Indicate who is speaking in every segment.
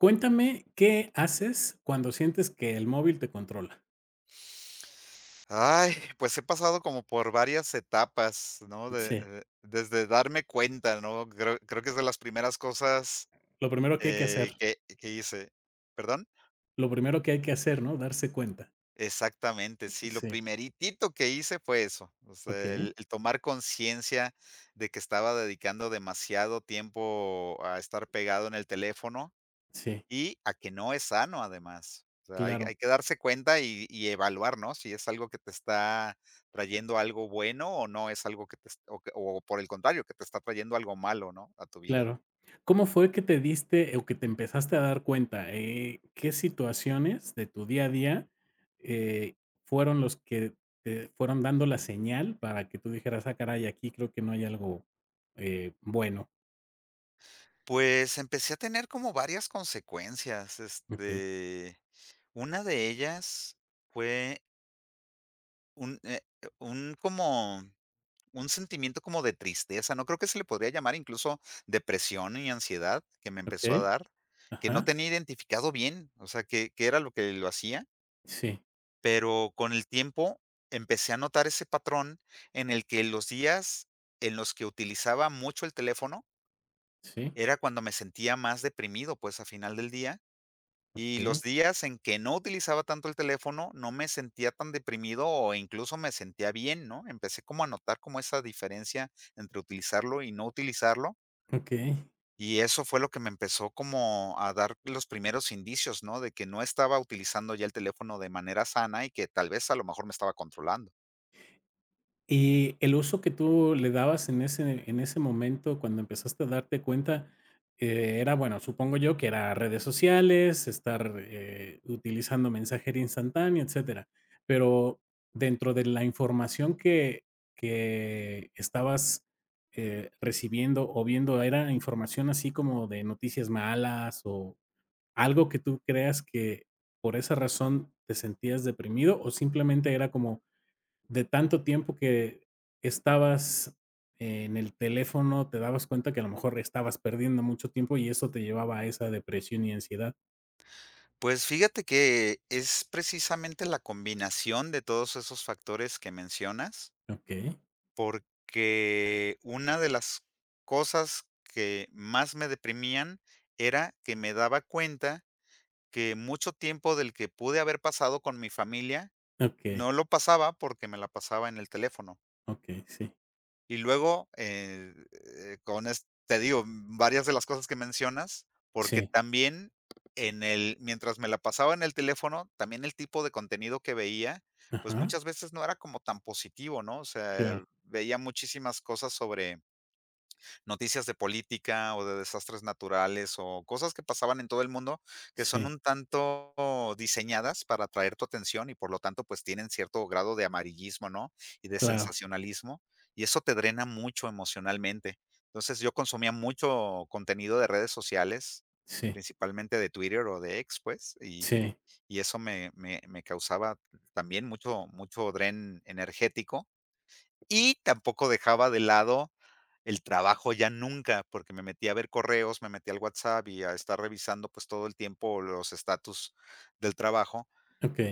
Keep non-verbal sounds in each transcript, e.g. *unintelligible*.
Speaker 1: Cuéntame, ¿qué haces cuando sientes que el móvil te controla?
Speaker 2: Ay, pues, he pasado como por varias etapas, ¿no? De
Speaker 1: Sí.
Speaker 2: de desde darme cuenta, ¿no? Creo creo que es de las primeras cosas,
Speaker 1: Lo primero que hay que
Speaker 2: eh,
Speaker 1: hacer.
Speaker 2: que que hice, perdón
Speaker 1: Lo primero que hay que hacer, ¿no? Darse cuenta.
Speaker 2: Exactamente, sí, lo
Speaker 1: Sí.
Speaker 2: primeritito que hice fue eso. O sea,
Speaker 1: Okey.
Speaker 2: el el tomar conciencia de que estaba dedicando demasiado tiempo a estar pegado en el teléfono
Speaker 1: Sí.
Speaker 2: y a que no es sano además. O sea hay
Speaker 1: Claro.
Speaker 2: hay que darse cuenta y y evaluar, ¿no? Si es algo que te está trayendo algo bueno, o no es algo que te est o que o por el contrario, que te está trayendo algo malo, ¿no? A tu vida.
Speaker 1: Claro, ¿cómo fue que te diste, o que te empezaste a dar cuenta? Eh eh, ¿qué situaciones de tu día a día, eh, fueron los que te fueron dando la señal para que tú dijeras, ah caray, aquí creo que no hay algo, eh, bueno?
Speaker 2: Pues, empecé a tener como varias consecuencias.
Speaker 1: Okey.
Speaker 2: Este, una de ellas fue Un eh, un como, un sentimiento como de tristeza, no creo que se le podría llamar incluso depresión y ansiedad que me empezó a
Speaker 1: Okey,
Speaker 2: dar, que no
Speaker 1: ajá.
Speaker 2: tenía identificado bien, o sea, qué qué era lo que lo hacía
Speaker 1: Sí.
Speaker 2: pero con el tiempo empecé a notar ese patrón, en el que los días en los que utilizaba mucho el teléfono
Speaker 1: ¿Sí?
Speaker 2: era cuando me sentía más deprimido, pues, a final del día y
Speaker 1: Okey.
Speaker 2: los días en que no utilizaba tanto el teléfono no me sentía tan deprimido o incluso me sentía bien, ¿no? Empecé como a notar como esa diferencia entre utilizarlo y no utilizarlo.
Speaker 1: Okey.
Speaker 2: Y eso fue lo que me empezó como a dar los primeros indicios, ¿no? De que no estaba utilizando ya el teléfono de manera sana y que tal vez, a lo mejor me estaba controlando.
Speaker 1: Y el uso que tú le dabas en ese en ese momento cuando empezaste a darte cuenta, eh, era, bueno, supongo yo que era redes sociales, estar, eh, utilizando mensajería instantanea, etcétera. Pero dentro de la información que que estabas, eh, recibiendo o viendo era información así como de noticias malas o, ¿algo que tú creas que por esa razón te sentías deprimido? O simplemente era como de tanto tiempo que estabas en el teléfono, te dabas cuenta que a lo mejor estabas perdiendo mucho tiempo y eso te llevaba a esa depresión y ansiedad.
Speaker 2: Pues, fíjate que es precisamente la combinación de todos esos factores que mencionas
Speaker 1: Okey.
Speaker 2: porque, una de las cosas que más me deprimían era que me daba cuenta que mucho tiempo del que pude haber pasado con mi familia
Speaker 1: Okey.
Speaker 2: no lo pasaba porque me la pasaba en el teléfono.
Speaker 1: Okey, sí.
Speaker 2: Y luego, eh, con es te digo, varias de las cosas que mencionas, porque
Speaker 1: Sí.
Speaker 2: también en el mientras me la pasaba en el teléfono, también el tipo de contenido que veía, pues,
Speaker 1: Ajá.
Speaker 2: muchas veces no era como tan positivo, ¿no? O sea,
Speaker 1: Claro.
Speaker 2: veía muchísimas cosas sobre noticias de política o de desastres naturales, o cosas que pasaban en todo el mundo que son
Speaker 1: Sí.
Speaker 2: un tanto diseñadas para atraer tu atención y por lo tanto pues tienen cierto grado de amarillismo, ¿no? Y de
Speaker 1: Claro.
Speaker 2: sensacionalismo y eso te drena mucho emocionalmente. Entonces yo consumía mucho contenido de redes sociales
Speaker 1: Sí.
Speaker 2: principalmente de Twitter o de ex pues, y
Speaker 1: Sí
Speaker 2: y eso me me me causaba también mucho mucho dren energético Y tampoco dejaba de lado el trabajo ya nunca, porque, me metía a ver correos, me metía al WhatsApp y a estar revisando pues todo el tiempo los estatus del trabajo.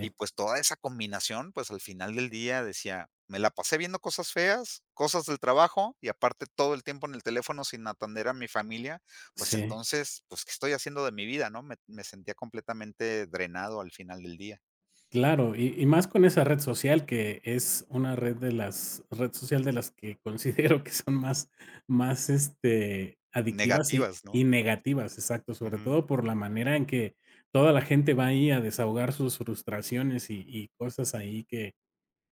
Speaker 2: Y pues, toda esa combinación pues al final del día decía: "Me la pasé viendo cosas feas, cosas del trabajo y aparte todo el tiempo en el teléfono sin atender a mi familia", pues,
Speaker 1: Sí.
Speaker 2: entonces: "Pues, ¿qué estoy haciendo de mi vida?", ¿no? Me me sentía completamente drenado al final del día.
Speaker 1: Claro, y y más con esa red social, que es una red de las red social de las que considero que son más más este adictivas y
Speaker 2: Negativas, ¿no?
Speaker 1: y negativas, exacto, sobre
Speaker 2: Ujú.
Speaker 1: todo por la manera en que toda la gente va ahí a desahogar sus frustraciones y y cosas ahí que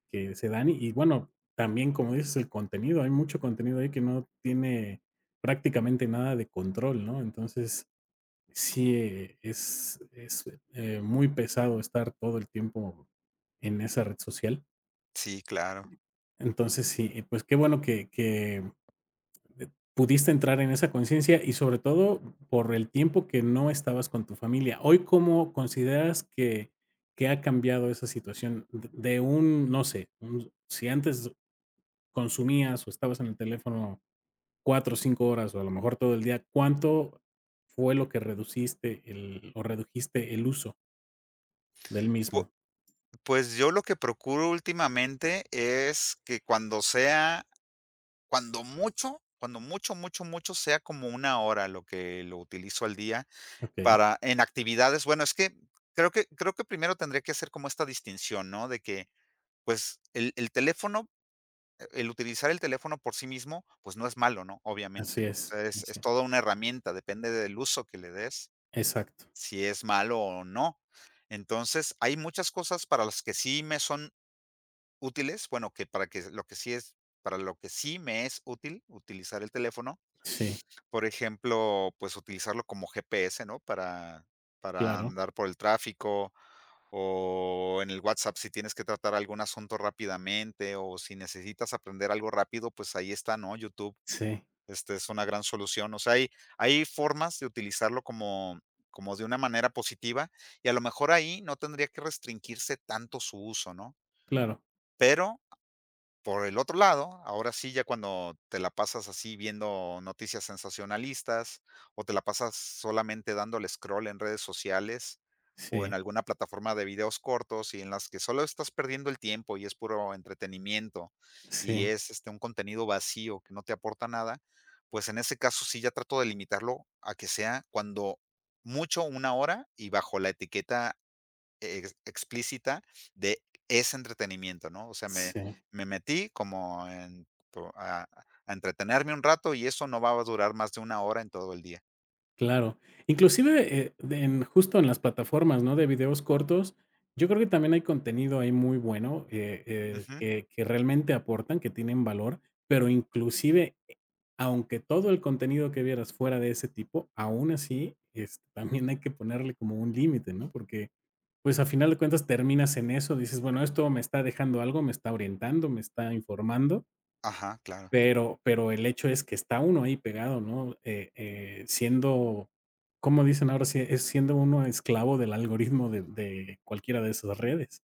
Speaker 1: que se dan y y bueno, también como dices: "El contenido, hay mucho contenido ahí que no tiene prácticamente nada de control", ¿no? Entonces, sí es es, eh, muy pesado estar todo el tiempo en esa red social.
Speaker 2: Sí, claro.
Speaker 1: Entonces sí, pues, qué bueno que que pudiste entrar en esa conciencia y sobre todo por el tiempo que no estabas con tu familia, ¿hoy cómo consideras que que ha cambiado esa situación?, de un no sé, un si antes consumías, o estabas en el teléfono 4, 5 horas, o a lo mejor todo el día, ¿cuánto fue lo que reduciste el o redujiste el uso? Del
Speaker 2: Pu
Speaker 1: mismo.
Speaker 2: pues, yo lo que procuro últimamente es que cuando sea cuando mucho, cuando mucho, mucho, mucho sea como 1 hora lo que lo utilizó al día
Speaker 1: Okey.
Speaker 2: para en actividades. Bueno, es que creo que creo que primero tendría que ser como esta distinción, ¿no? De que, pues, el el teléfono el utilizar el teléfono por sí mismo, pues, no es malo, ¿no? Obviamente,
Speaker 1: Así
Speaker 2: ¿no? O
Speaker 1: es,
Speaker 2: sea, es es
Speaker 1: así.
Speaker 2: toda una herramienta. Depende del uso que le des,
Speaker 1: Exacto.
Speaker 2: si es malo o no. Entonces, hay muchas cosas para las que sí me son útiles, bueno, que para que lo que sí es para lo que sí me es útil, utilizar el teléfono.
Speaker 1: Sí.
Speaker 2: Por ejemplo, pues, utilizarlo como GPS, ¿no? Para para
Speaker 1: Claro.
Speaker 2: andar por el tráfico o en el WhatsApp, si tienes que tratar algún asunto rápidamente o si necesitas aprender algo rápido, pues, ahí está, ¿no? YouTube.
Speaker 1: Sí.
Speaker 2: Este es una gran solución. O sea, hay hay formas de utilizarlo como como de una manera positiva y a lo mejor ahí no tendría que restringirse tanto su uso, ¿no?
Speaker 1: Claro.
Speaker 2: Pero por el otro lado, ahora sí ya cuando te la pasas así viendo noticias sensacionalistas, o te la pasas solamente dándole scroll en redes sociales o en
Speaker 1: Sí.
Speaker 2: alguna plataforma de videos cortos y en las que solo estás perdiendo el tiempo y es puro entretenimiento, y
Speaker 1: Sí.
Speaker 2: es este un contenido vacío que no te aporta nada, pues, en ese caso sí ya trato de limitarlo a que sea cuando mucho una hora y bajo la etiqueta e explícita de ese entretenimiento, ¿no? O sea, me
Speaker 1: Sí.
Speaker 2: me metí como en a a entretenerme un rato, y eso no va a durar más de 1 hora en todo el día.
Speaker 1: Claro, inclusive, eh, de en justo en las plataformas, ¿no? De videos cortos, yo creo que también hay contenido ahí muy bueno, que,
Speaker 2: Ujú.
Speaker 1: eh, que realmente aportan, que tienen valor, pero inclusive aunque todo el contenido que vieras fuera de ese tipo, aún así, es también hay que ponerle como un límite, ¿no? Porque, pues, a final de cuentas terminas en eso, dices, bueno, esto me está dejando algo, me está orientando, me está informando,
Speaker 2: Ajá, claro.
Speaker 1: pero pero el hecho es que está uno ahí pegado, ¿no? Eh eh, Siendo, ¿cómo dicen ahora? Es es siendo uno esclavo del algoritmo *chuckles* de de cualquiera de esas redes.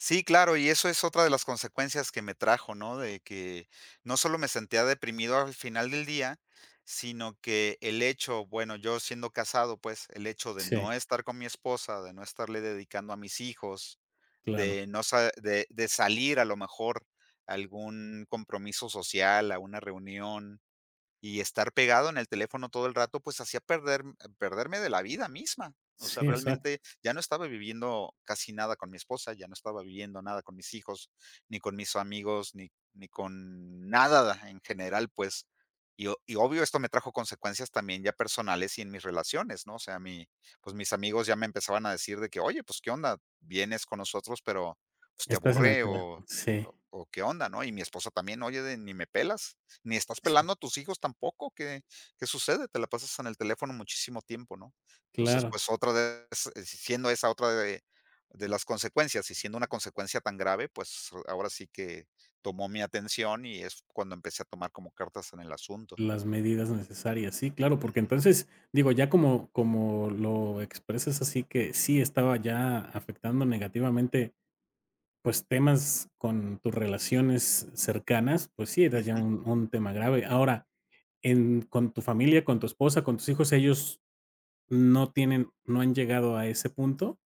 Speaker 2: Sí, claro. Y eso es otra de las consecuencias que me trajo, ¿no?, de que no solo me sentía deprimido al final del día, sino que el hecho bueno, yo siendo casado, pues, el hecho de
Speaker 1: Sí.
Speaker 2: no estar con mi esposa, de no estarle dedicando a mis hijos,
Speaker 1: Claro.
Speaker 2: de no se de salir a lo mejor a algún compromiso social, a una reunión y estar pegado en el teléfono todo el rato, pues hacía perder perderme de la vida misma, o sea,
Speaker 1: Sí exacto.
Speaker 2: realmente ya no estaba viviendo casi nada con mi esposa, ya no estaba viviendo nada con mis hijos, ni con mis amigos, ni ni con nada en general, pues, y o y obvio esto me trajo consecuencias también ya personales y en mis relaciones, ¿no?, o sea, mi pues mis amigos ya me empezaban a decir de que: "Oye pues, ¿qué onda?, vienes con nosotros, pero pues te
Speaker 1: Estás en el
Speaker 2: aburre
Speaker 1: telé
Speaker 2: o
Speaker 1: Sí.
Speaker 2: o ¿qué onda?", ¿no? Y mi esposa también: "Oye de, ni me pelas ni estás
Speaker 1: Sí.
Speaker 2: pelando a tus hijos tampoco, ¿qué qué sucede?, te la pasas en el teléfono muchísimo tiempo", ¿no?, entonces,
Speaker 1: Claro.
Speaker 2: pues otra vez, siendo esa otra de de las consecuencias y siendo una consecuencia tan grave, pues ahora sí que tomó mi atención y es cuando empecé a tomar como cartas en el asunto.
Speaker 1: Las medidas necesarias, sí, claro, porque
Speaker 2: Ujú.
Speaker 1: entonces digo, ya como como lo expresas así que sí estaba ya afectando negativamente, pues, temas con tus relaciones cercanas, pues sí, era ya
Speaker 2: Ujú.
Speaker 1: un un tema grave. Ahora, en con tu familia, con tu esposa, con tus hijos, ¿ellos no tienen no han llegado a ese punto?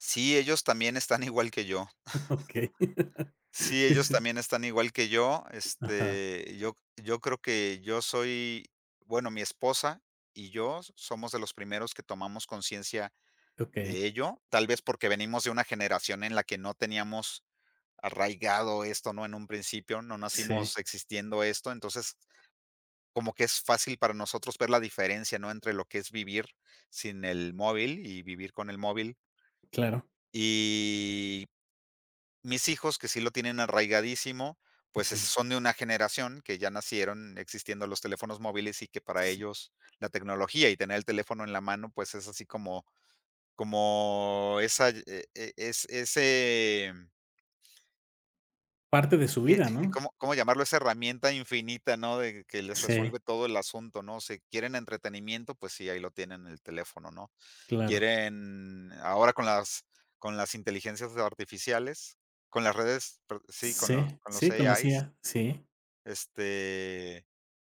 Speaker 2: Sí, ellos también están igual que yo.
Speaker 1: Okey.
Speaker 2: *chuckles* Sí, ellos
Speaker 1: Sí.
Speaker 2: también están igual que yo,
Speaker 1: Ajá.
Speaker 2: este, yo yo creo que yo soy bueno, mi esposa y yo somos de los primeros que tomamos conciencia
Speaker 1: Okey.
Speaker 2: de ello, tal vez porque venimos de una generación en la que no teníamos arraigado esto, ¿no? En un principio no
Speaker 1: Sí.
Speaker 2: nacimos existiendo esto, entonces como que es fácil para nosotros ver la diferencia, ¿no?, entre lo que es vivir sin el móvil y vivir con el móvil.
Speaker 1: Claro.
Speaker 2: Y, mis hijos que sí lo tienen arraigadísimo, pues, eh,
Speaker 1: Ujú.
Speaker 2: son de una generación que ya nacieron existiendo los teléfonos móviles y que para
Speaker 1: Sí.
Speaker 2: ellos la tecnología y tener el teléfono en la mano pues es así como, como esa eh eh es, ese
Speaker 1: Parte de su vida, ¿no?
Speaker 2: ¿Cómo cómo llamarlo? Esa herramienta infinita, ¿no?, de que les
Speaker 1: Sí.
Speaker 2: resuelve todo el asunto, ¿no?, si quieren entretenimiento, pues sí, ahí lo tienen en el teléfono, ¿no?,
Speaker 1: Claro.
Speaker 2: quieren ahora con las con las inteligencias artificiales, con las redes, pero sí, con los
Speaker 1: Sí,
Speaker 2: con los
Speaker 1: sí,
Speaker 2: ei
Speaker 1: con las
Speaker 2: ais.
Speaker 1: IA, sí.
Speaker 2: Este,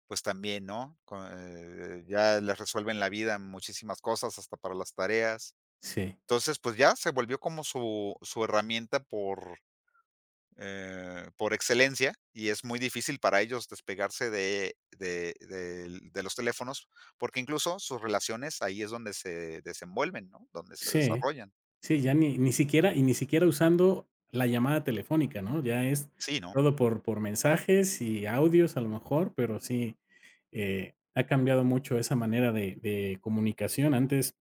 Speaker 2: pues también, ¿no?, con, eh ya les resuelven la vida, muchísimas cosas, hasta para las tareas,
Speaker 1: Sí.
Speaker 2: entonces, pues ya se volvió como su su herramienta por, eh por excelencia y es muy difícil para ellos despegarse de de del de los teléfonos, porque incluso sus relaciones ahí es donde se desenvuelven, ¿no?, donde se
Speaker 1: Sí,
Speaker 2: desarrollan.
Speaker 1: sí, ya ni ni siquiera y ni siquiera usando la llamada telefónica, ¿no?, ya es
Speaker 2: Sí, no.
Speaker 1: todo por por mensajes y audios a lo mejor, pero sí, eh, ha cambiado mucho esa manera de de comunicación. Antes,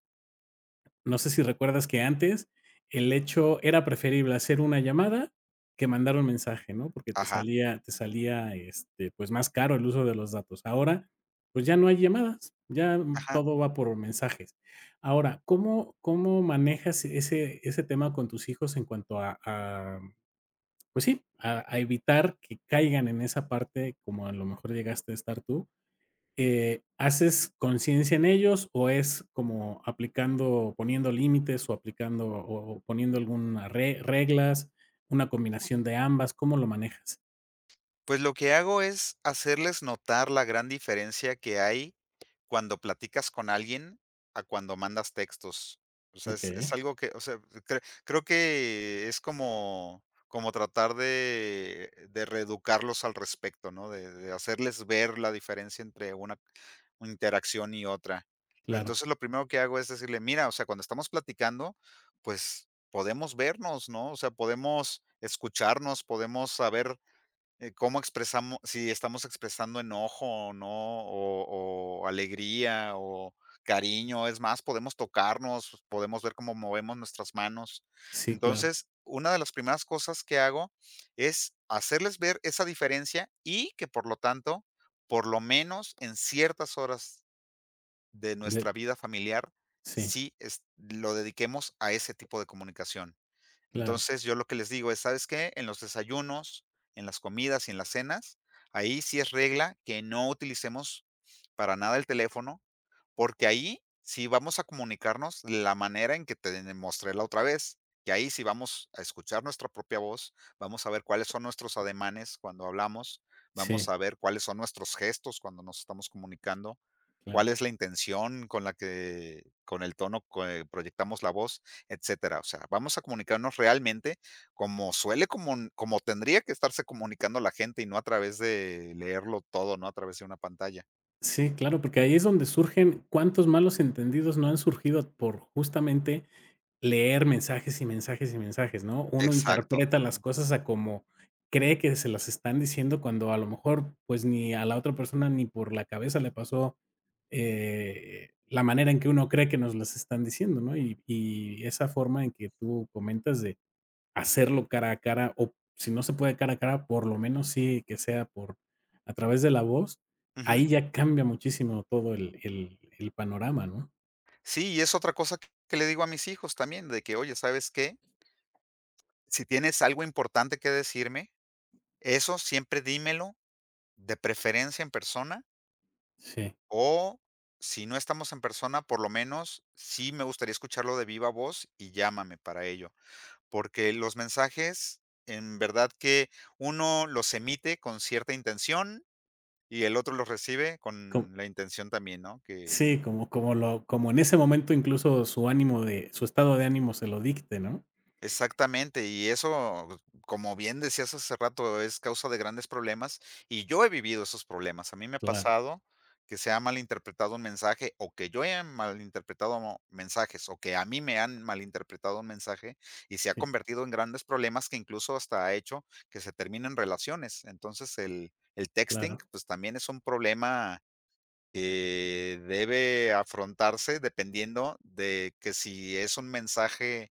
Speaker 1: no sé si recuerdas que antes, el hecho era preferible hacer una llamada que mandar un mensaje, ¿no?, porque te
Speaker 2: Ajá.
Speaker 1: salía te salía, este, pues, más caro el uso de los datos. Ahora, pues, ya no hay llamadas, ya
Speaker 2: Ajá.
Speaker 1: todo va por mensajes. Ahora, ¿cómo cómo manejas ese ese tema con tus hijos en cuanto a a pues sí, a a evitar que caigan en esa parte como a lo mejor llegaste a estar tú?, eh, ¿haces conciencia en ellos o es como aplicando o poniendo límites o aplicando o o poniendo alguna re reglas, una combinación de ambas? ¿Cómo lo manejas?
Speaker 2: Pues, lo que hago es hacerles notar la gran diferencia que hay, cuando platicas con alguien, a cuando mandas textos. O sea, es es
Speaker 1: Okey.
Speaker 2: algo que, o sea, cre creo que es como como tratar de de reeducarlos al respecto, ¿no? De de hacerles ver la diferencia entre una una interacción y otra. Lo
Speaker 1: Claro.
Speaker 2: entonces lo primero que hago es decirle: "Mira, o sea, cuando estamos platicando, pues, podemos vernos, ¿no? O sea, podemos escucharnos, podemos saber, eh, cómo expresamo si estamos expresando enojo, o no, o o alegría, o cariño. Es más, podemos tocarnos, podemos ver cómo movemos nuestras manos".
Speaker 1: Sí, claro.
Speaker 2: Entonces, una de las primeras cosas que hago es hacerles ver esa diferencia y que por lo tanto, por lo menos en ciertas horas de
Speaker 1: *unintelligible*
Speaker 2: nuestra vida familiar,
Speaker 1: Sí.
Speaker 2: sí es lo dediquemos a ese tipo de comunicación.
Speaker 1: Claro.
Speaker 2: Entonces, yo lo que les digo es: "¿Sabes qué? En los desayunos, en las comidas y en las cenas, ahí sí es regla que no utilicemos para nada el teléfono, porque ahí sí vamos a comunicarnos la manera en que te mostré la otra vez, que ahí sí vamos a escuchar nuestra propia voz, vamos a ver cuáles son nuestros ademanes cuando hablamos, vamos
Speaker 1: Sí.
Speaker 2: a ver cuáles son nuestros gestos cuando nos estamos comunicando,
Speaker 1: Claro.
Speaker 2: cuál es la intención con la que con el tono que proyectamos la voz, etcétera". O sea, vamos a comunicarnos realmente como suele como como tendría que estarse comunicando la gente y no a través de leerlo todo, no a través de una pantalla.
Speaker 1: Sí, claro, porque ahí es donde surgen, cuántos malos entendidos no han surgido por justamente leer mensajes, y mensajes, y mensajes, ¿no? Uno
Speaker 2: Exacto,
Speaker 1: interpreta las
Speaker 2: ujú.
Speaker 1: cosas a como cree que se las están diciendo cuando a lo mejor, pues, ni a la otra persona, ni por la cabeza le pasó, eh, la manera en que uno cree que nos están diciendo, ¿no? Y y esa forma en que tú comentas de hacerlo cara a cara, o si no se puede cara a cara, por lo menos sí que sea por a través de la voz,
Speaker 2: Ujú.
Speaker 1: ahí ya cambia muchísimo todo el el el panorama, ¿no?
Speaker 2: Sí, y es otra cosa, que le digo a mis hijos también, de que, "oye, ¿sabes qué? Si tienes algo importante que decirme, eso siempre dímelo de preferencia en persona
Speaker 1: Sí.
Speaker 2: o si no estamos en persona, por lo menos, sí me gustaría escucharlo de viva voz y llámame para ello". Porque, los mensajes en verdad que uno los emite con cierta intención y el otro los recibe
Speaker 1: Co
Speaker 2: con la intención también, ¿no? Que
Speaker 1: Sí, como como lo como en ese momento incluso su ánimo de su estado de ánimo se lo dicte, ¿no?
Speaker 2: Exactamente. Y eso, como bien decías hace rato, es causa de grandes problemas. Y yo he vivido esos problemas. A mí me ha
Speaker 1: Claro.
Speaker 2: pasado que se ha mal interpretado un mensaje, o que yo haya mal interpretado mensajes o que a mí me han mal interpretado un mensaje y se ha
Speaker 1: Sí.
Speaker 2: convertido en grandes problemas que incluso hasta ha hecho que se terminen relaciones. Entonces el el texting
Speaker 1: Claro.
Speaker 2: pues, también es un problema que debe afrontarse dependiendo de que, si es un mensaje,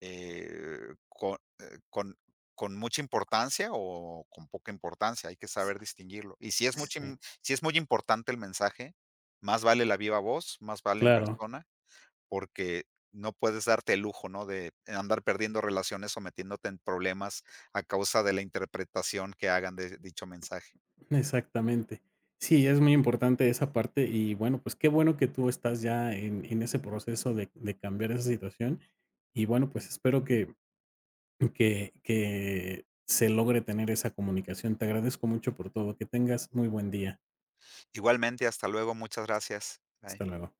Speaker 2: eh, con, eh, con con mucha importancia o con poca importancia, hay que saber distinguirlo. Y si es mucha
Speaker 1: Sí.
Speaker 2: si es muy importante el mensaje, más vale la viva voz, más vale en
Speaker 1: Claro.
Speaker 2: persona, porque no puedes darte el lujo, ¿no?, de andar perdiendo relaciones sometiéndote en problemas a causa de la interpretación que hagan de dicho mensaje.
Speaker 1: Exactamente. Sí, es muy importante esa parte y bueno, pues, qué bueno que tú estás ya en en ese proceso de de cambiar esa situación y bueno, pues, espero que que que se logre tener esa comunicación. Te agradezco mucho por todo. Que tengas muy buen día.
Speaker 2: Igualmente, hasta luego. Muchas gracias. Bye.
Speaker 1: Hasta luego.